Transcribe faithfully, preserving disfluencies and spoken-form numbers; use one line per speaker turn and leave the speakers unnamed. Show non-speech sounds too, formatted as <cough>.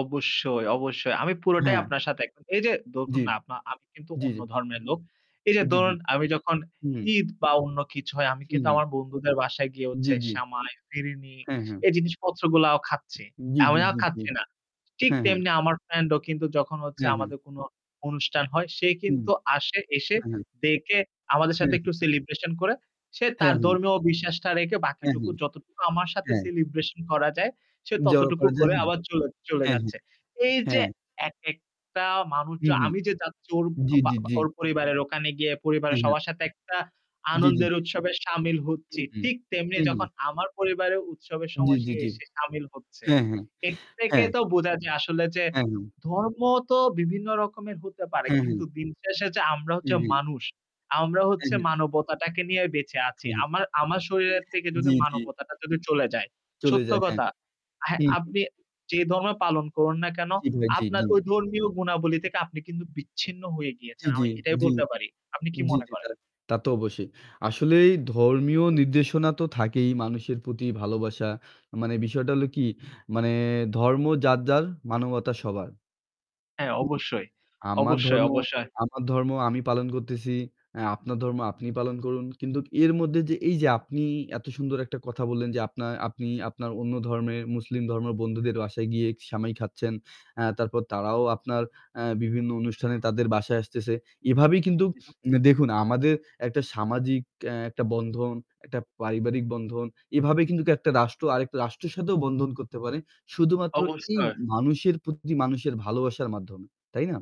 অবশ্যই, অবশ্যই। আমি পুরোটাই
হ্যাঁ।
আপনার সাথে একম এইযে
জি,
দখুন, না আপনা আমি কিন্তু
জি,
অন্য
জি।
ধর্মের লোক। এইযে
জি, জি।
দরুন, আমি যখন
হুম।
ঈদ বা অন্য কিছু হয়, আমি
হু,
কিন্তু
হু।
আমার বন্ধুদের বাসায় গিয়ে হচ্ছে
জি, জি।
সামাই, ফিরিনি
হ্যাঁ, হ্যাঁ।
এই জিনিসপত্রগুলাও খাচ্ছি।
জি, জি,
<unintelligible>
জি, জি।
খাচ্ছি না। ঠিক
হ্যাঁ, হ্যাঁ।
তেমনি আমার ফ্রেন্ডও কিন্তু যখন হচ্ছে
হ্যাঁ, হ্যাঁ।
আমাদের কোন অনুস্টান হয় সে
হুম।
কিন্তু আসে, এসে
হ্যাঁ, হ্যাঁ।
দেকে আমাদের
হ্যাঁ,
সাথে
হ্যাঁ।
একটু celebration করে সে
হ্যাঁ,
তার
হ্যাঁ।
ধর্মীয় বিশ্বাসটা রেকে
অ্যা
বাকিটুকু
হ্যাঁ,
যতটুকু আমার সাথে
অ্যা
celebration করা যায়, সে
জড়ো
ততটুকু
করা যায়।
করে
হ্যাঁ,
আবার চলে চলে
হ্যাঁ, হ্যাঁ,
যাচ্ছে। এইযে
হ্যাঁ।
একেকটা মানুষ চ
হু, হু।
আমি যে যাচ্চি ওর
জি,
বা
জি,
বা
জি।
ওর পরিবারের ওখানে গিয়ে
হু,
পরিবারের
হু।
সবার সাথে একটা
জি, জি,
আনন্দের
জি।
উৎসবে সামিল
হু,
হচ্চি।
হু,
ঠিক তেমনি
হু, হু।
যখন আমার পরিবারে উৎসবের
জি,
সময় সে
জি, জি।
এসে সামিল হচ্ছে।
হ্যাঁ, হ্যাঁ,
এর তেকে
হ্যাঁ।
তো বুজা যায় আসলে যে
হ্যাঁ।
ধর্ম তো বিভিন্ন রকমের হতে পারে।
হ্যাঁ,
কিন্তু
হ্যাঁ।
দিন শেষ যে আমরা
হু,
হচ্ছে
হু।
মানুষ। আমরা
অ্যা
হচ্ছে
হ্যাঁ।
মানবতাটাকে নিয়ে বেঁচে আচি।
হ্যাঁ, হ্যাঁ,
আমার আমার শরীরের তেকে যদি
জি, জি।
মানবতাটা যদি চলে যায়।
চলে
সত্য
যায়, হ্যাঁ।
কতা হ্যাঁ,
হুম, হুম।
আপনি যে ধর্মই পালন করুন না কেন
জি, ভাই। জি,
আপনার
জি।
ওই ধর্মীয় গুণাবলী থেকে আপনি কিন্তু বিচ্ছিন্ন হয়ে
জি,
গিয়েচেন।
জি,
আমি এটাই
জি,
বলতে পারি। আপনি কি
জি,
মনে
জি।
করেন?
তারা তা তো অবশ্যই। আসলেই ধর্মীয় নির্দেশনা তো থাকেই মানুষের প্রতি ভালোবাসা। মানে বিষয়টা হলো কি? মানে ধর্ম যার, যার। মানবতা সবার।
হ্যাঁ, অবশ্যই।
আমার
অবশ্যই,
ধর্ম,
অবশ্যই।
আমার ধর্ম আমি পালন করতেছি। আ আপনার ধর্ম আপনি পালন করুন। কিন্তু এর মধ্যে, যে এইযে আপনি এত সুন্দর একটা কথা বললেন, যে আপনা আপনি আপনার অন্য ধর্মের মুসলিম ধর্মের বন্ধুদের বাসায় গিয়ে সেমাই খাচ্ছেন। অ্যা তারপর তারাও আপনার অ্যা বিভিন্ন অনুষ্ঠানে তাদের বাসায় আসতেছে। এভাবেই কিন্তু
<unintelligible>
উম দেখুন, আমাদের একটা সামাজিক অ্যা একটা বন্ধন, একটা পারিবারিক বন্ধন। এভাবে কিন্তু একটা রাষ্ট্র আরেকটা রাষ্ট্রের সাথেও বন্ধন করতে পারে। শুধুমাত্র এই
অবছয়।
মানুষের প্রতি মানুষের ভালোবাসার মাধ্যমে, তাই না?